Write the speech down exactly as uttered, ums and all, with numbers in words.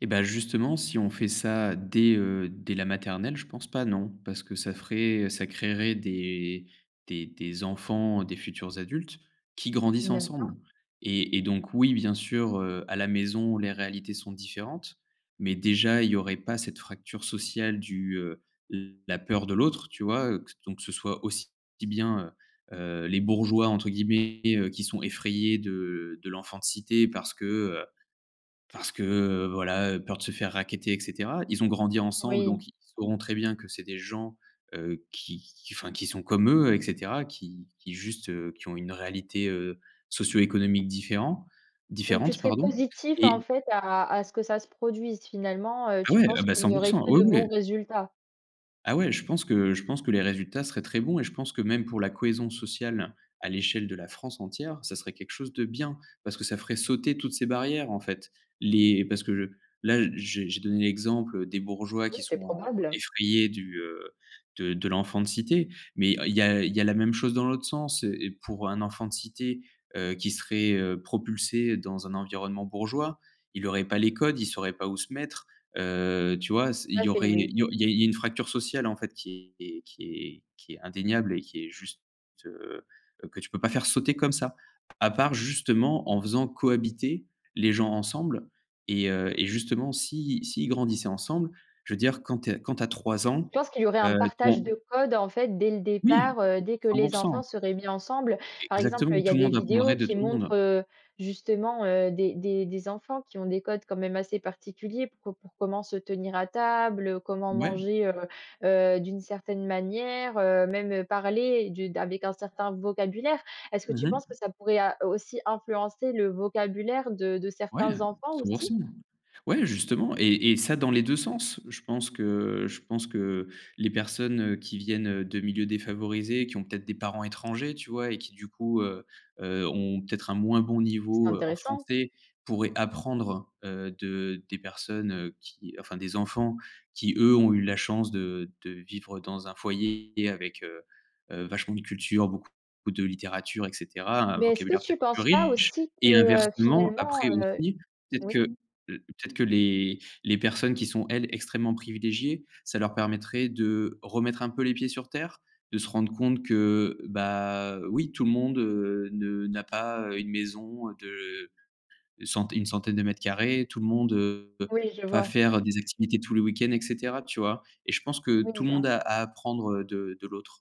Et beh justement, si on fait ça dès, heu, dès la maternelle je pense pas non. Parce que ça ferait ça créerait des des des enfants, des futurs adultes, qui grandissent N'aime pas. ensemble et et donc oui bien sûr, heu, à la maison les réalités sont différentes, mais déjà, il y aurait pas cette fracture sociale du, heu, la peur de l'autre tu vois? Heu, que ce donc ce soit aussi bien, heu heu, «les bourgeois», entre guillemets, heu, qui sont effrayés de de l'enfant de cité, parce que, heu, parce que voilà, peur de se faire racketter et cetera. Ils ont grandi ensemble Oui. donc ils sauront très bien que c'est des gens, heu, qui qui, enfin, qui sont comme eux et cetera, qui qui juste, heu, qui ont une réalité, heu, socio-économique différent Donc tu différente serais pardon, positif, en et fait, à à ce que ça se produise, finalement? Heu, Ah tu ouais! Ah penses bah qu'il cent n'y pour aurait cent! que Ouais, de bons ouais! résultats? Ah ouais je pense que je pense que les résultats seraient très bons et je pense que même pour la cohésion sociale à l'échelle de la France entière, ça serait quelque chose de bien, parce que ça ferait sauter toutes ces barrières en fait. Les parce que là, j'ai j'ai donné l'exemple des bourgeois Oui, qui c'est sont probable. effrayés du, heu, de de l'enfant de cité mais heu, il y a il y a la même chose dans l'autre sens et pour un enfant de cité, heu, qui serait, heu, propulsé dans un environnement bourgeois, il aurait pas les codes, il saurait pas où se mettre, heu, tu vois? C'est il Tout à y fait, aurait oui. il y au il y a il y a une fracture sociale en fait qui est qui est qui est indéniable et qui est juste, heu heu, que tu peux pas faire sauter comme ça, à part justement en faisant cohabiter, les gens ensemble et heu, et justement si s'ils grandissaient ensemble. Je veux dire quand tu es quand tu as trois ans, Je pense qu'il y aurait un heu, partage ton de code, en fait, dès le Oui! départ, heu, dès que cent les pour cent. enfants seraient mis ensemble. Par exemple, Exactement, il y a tout le des monde vidéos apprendrait, de qui tout le monde. montrent, heu, justement, des des des enfants qui ont des codes, quand même, assez particuliers, pour pour comment se tenir à table, comment Ouais. manger, heu heu, d'une certaine manière, heu, même parler du d'avec un certain vocabulaire. Est-ce que tu Mmh mh. penses que ça pourrait a aussi influencer le vocabulaire de de Ouais, certains enfants cent pour aussi? cent. Ouais, justement et et ça dans les deux sens. Je pense que je pense que les personnes qui viennent de milieux défavorisés, qui ont peut-être des parents étrangers tu vois? Et qui du coup, heu heu, ont peut-être un moins bon C'est niveau en intéressant. français pourraient apprendre, heu, de des personnes, heu, qui enfin des enfants qui eux, ont eu la chance de de vivre dans un foyer avec, heu heu, vachement de culture, beaucoup beaucoup de littérature et cetera, un Mais est-ce que vocabulaire tu peut-être plus penses pas riche aussi et que, inversement. finalement, Après heu aussi, peut-être oui. que l peut-être que les les personnes qui sont elles extrêmement privilégiées, ça leur permettrait de remettre un peu les pieds sur terre, de se rendre compte que, bah, oui tout le monde, heu, ne n'a pas, heu, une maison de centaine une centaine de mètres carrés, tout le monde, heu, Oui, je pas vois. faire des activités tous les week-ends et cetera, tu vois? Et je pense que Oui, tout le monde j'en à apprendre, heu, de de l'autre.